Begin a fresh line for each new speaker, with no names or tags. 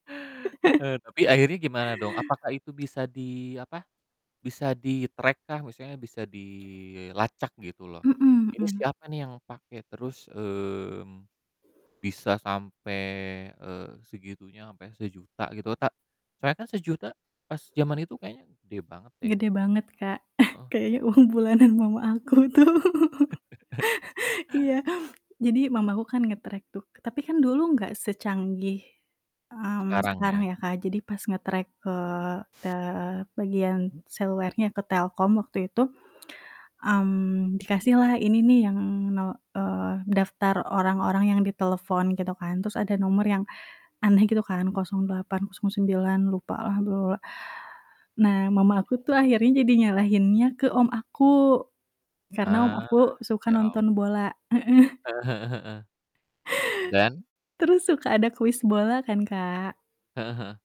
Eee, tapi akhirnya gimana dong? Apakah itu bisa di, apa, bisa di-track kah? Maksudnya bisa dilacak, gitu loh,
Mhm
ini
mhm.
siapa nih yang pake, terus, mmm, bisa sampe, eee, segitunya, sampe sejuta gitu, ta soalnya kan sejuta pas jaman itu kayaknya gede banget deh.
Gede banget, Kak,
Heeh?
kayaknya uang bulanan mama aku tuh Iya, jadi mama aku kan nge-track tuh, tapi kan dulu gak secanggih, mmm,
Sekarang,
sekarang
ya.
ya, Kak, jadi pas nge-track ke tele bagian selulernya, ke Telkom waktu itu, mmm, dikasih lah ini nih, yang na eee, daftar orang-orang yang ditelepon, gitu kan. Terus ada nomor yang aneh gitu kan, 08, 09, lupa lah bla bla bla. Nah, mama aku tuh akhirnya jadi nyalahinnya ke om aku. Karena om
Ah,
aku suka
ya, Au
nonton bola. Heeh.
Heeh heeh heeh. Dan?
Terus suka ada kuis bola kan, Kak.
Heeh heeh.